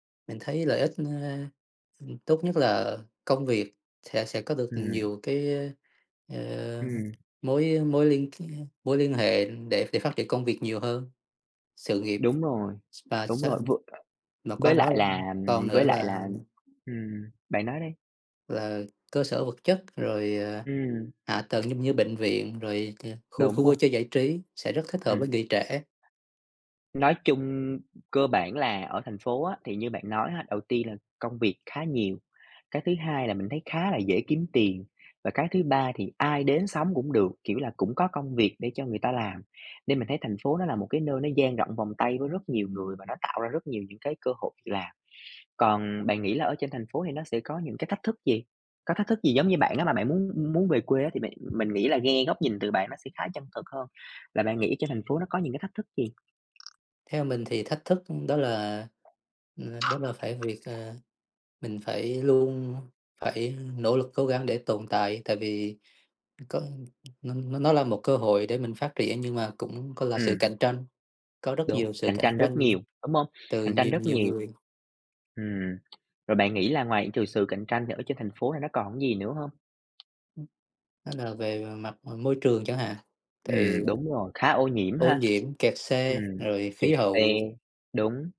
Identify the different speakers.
Speaker 1: Mình thấy lợi ích, ơ, ừm, tốt nhất là công việc sẽ sẽ có được
Speaker 2: Ừm.
Speaker 1: nhiều cái, ơ, ờ,
Speaker 2: Ừm.
Speaker 1: mối mối liên k mối liên hệ để để phát triển công việc nhiều hơn, sự nghiệp
Speaker 2: Đúng rồi.
Speaker 1: và
Speaker 2: Đúng rồi,
Speaker 1: sau.
Speaker 2: vừa
Speaker 1: Mà qua
Speaker 2: với
Speaker 1: đó,
Speaker 2: lại
Speaker 1: ừm,
Speaker 2: là,
Speaker 1: còn
Speaker 2: ừm,
Speaker 1: nữa
Speaker 2: với lại
Speaker 1: là
Speaker 2: là ừm, bạn nói đi.
Speaker 1: Là cơ sở vật chất rồi, à,
Speaker 2: Ừm.
Speaker 1: hạ tầng giống như bệnh viện, rồi t khu khu
Speaker 2: Đúng rồi.
Speaker 1: vui chơi, giải trí sẽ rất thích hợp
Speaker 2: Ừm.
Speaker 1: với người trẻ.
Speaker 2: Nói chung cơ bản là ở thành phố á, thì như bạn nói á, đầu tiên là công việc khá nhiều, cái thứ hai là mình thấy khá là dễ kiếm tiền, và cái thứ ba thì ai đến sống cũng được, kiểu là cũng có công việc để cho người ta làm. Nên mình thấy thành phố nó là một cái nơi nó dang rộng vòng tay với rất nhiều người và nó tạo ra rất nhiều những cái cơ hội việc làm. Còn bạn nghĩ là ở trên thành phố thì nó sẽ có những cái thách thức gì? Có thách thức gì giống như bạn á mà bạn muốn muốn về quê á, thì bạn mình nghĩ là nghe góc nhìn từ bạn nó sẽ khá chân thực hơn, là bạn nghĩ trên thành phố nó có những cái thách thức gì?
Speaker 1: Theo mình thì thách thức, ừm, đó là ừ, đó là cái việc, ờ, mình phải luôn phải nỗ lực cố gắng để tồn tại. Tại vì nó có nó nó là một cơ hội để mình phát triển nhưng mà cũng có là sự
Speaker 2: Ừm.
Speaker 1: cạnh tranh. Có rất
Speaker 2: Đúng,
Speaker 1: nhiều sự
Speaker 2: cạnh
Speaker 1: cạnh
Speaker 2: tranh rất
Speaker 1: tranh
Speaker 2: nhiều, đúng không?
Speaker 1: từ
Speaker 2: Cạnh tranh
Speaker 1: nhiều
Speaker 2: rất
Speaker 1: nhiều
Speaker 2: nhiều.
Speaker 1: người.
Speaker 2: Ừm. Rồi bạn nghĩ là ngoại trừ sự cạnh tranh thì ở trên thành phố này nó còn cái gì nữa hông?
Speaker 1: Ừm. Đó là về mặt, ờ, môi trường chẳng hạn, tại vì
Speaker 2: Ừm, đúng rồi, khá ô nhiễm
Speaker 1: Ô
Speaker 2: ha.
Speaker 1: nhiễm, kẹt
Speaker 2: Ừm,
Speaker 1: xe, rồi khí
Speaker 2: kẹt xe.
Speaker 1: hậu.
Speaker 2: Đúng.